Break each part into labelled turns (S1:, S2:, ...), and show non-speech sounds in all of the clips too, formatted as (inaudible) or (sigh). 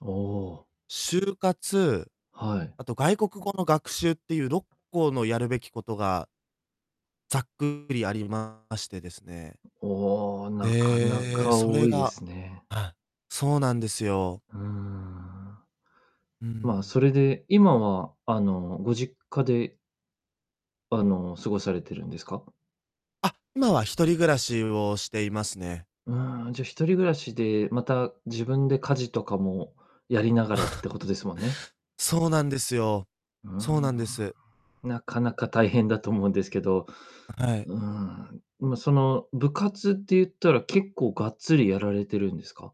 S1: おお。
S2: 就活、
S1: はい。
S2: あと外国語の学習っていう6個のやるべきことがざっくりありましてですね。
S1: おお、なかな
S2: ええ、
S1: か
S2: そ
S1: 多
S2: れ
S1: いで
S2: が
S1: すね。
S2: あ、そうなんですよ。
S1: うーん。
S2: う
S1: ま、
S2: ん。
S1: それで、今は、あの、ご実家であの、過ごされてるんですか？
S2: あ、今は一人暮らしをしていますね。
S1: うん、じゃあ、一人暮らしで、また、自分で家事とかもやりながらって
S2: (chuckles)
S1: ことですもんね。
S2: そうなんですよ
S1: うー
S2: そうなんで
S1: ん。
S2: す。
S1: なかなか大変だと思うんですけど。
S2: あ、はい。
S1: うん、まあ、その部活って言ったら、結構がっつりやられてるんですか？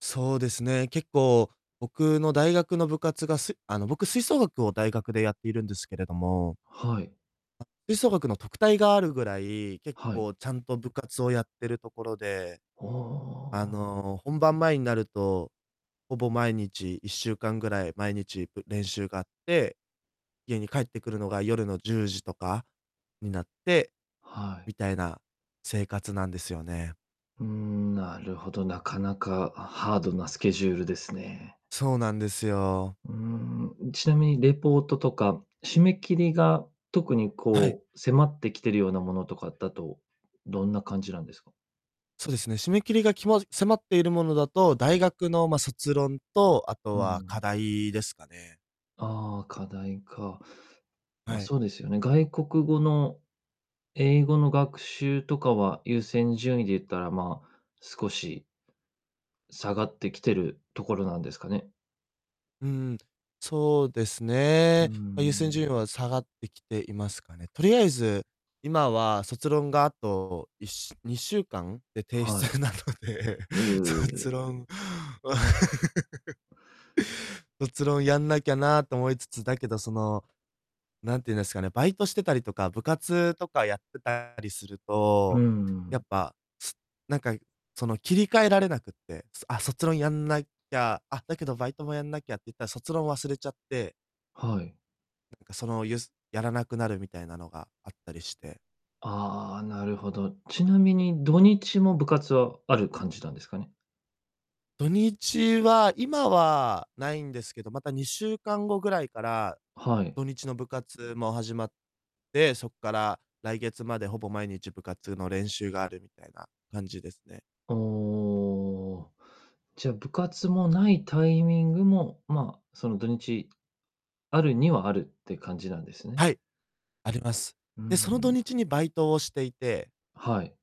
S2: そうですね、結構、僕の大学の部活がすあの、僕吹奏楽を大学でやっているんですけれども
S1: はい。
S2: あ、吹奏楽の特待があるぐらい、結
S1: はい。
S2: 構ちゃんと部活をやってるところで。
S1: おおお
S2: あ
S1: おお。
S2: の、本番前になると、ほぼ毎日1週間ぐらい、毎日ぶ練習があって、家に帰ってくるのが夜の10時とかになって、
S1: はい。
S2: みたいな生活なんですよね。
S1: うん、なるほど、なかなかハードなスケジュールですね。
S2: そうなんですよ。
S1: うん、うちなみにレポートとか、締め切りが特に
S2: はい。
S1: こう、迫ってきてるようなものとかだと、どんな感じなんですか？
S2: そうですね、締め切りがきま迫っているものだと、大学のまあ、卒論と、あと
S1: う
S2: は課
S1: ん。
S2: 題ですかね。
S1: ああ、課題か。まあ、
S2: はい。
S1: そうですよね、外国語の英語の学習とかは優先順位で言ったら、まあ、少し下がってきてるところなんですかね？
S2: うん、そうです
S1: うー
S2: ね。まあ、優先
S1: ん。
S2: 順位は下がってきていますかね。とりあえず、今は卒論があと1週2週間で提
S1: はい。
S2: 出なので、
S1: う
S2: 卒
S1: ええ。
S2: 論 (laughs) 卒論やんなきゃなと思いつつ、だけど、その、なんていうんですかね、バイトしてたりとか、部活とかやってたりする
S1: う
S2: と、
S1: んう
S2: やっ
S1: ん。
S2: ぱ、すなんか、その、切り替えられなくて、すあ、卒論やんなきゃ、あっ、だけどバイトもやんなきゃって言ったら、卒論を忘れちゃって
S1: はい。
S2: なんかそのゆすやらなくなるみたいなのがあったりして。
S1: ああ、なるほど。ちなみに土日も部活はある感じなんですかね？
S2: 土日は今は無いんですけど、また2週間後ぐらいから、
S1: はい。
S2: 土日の部活も始まって、そっから来月まで、ほぼ毎日部活の練習があるみたいな感じですね。
S1: おお、じゃ、部活もないタイミングも、ま、その土日、あるにはあるって感じなんですね。
S2: はい、あります。
S1: うー
S2: で、その土
S1: ん。
S2: 日にバイトをしていて。
S1: はい。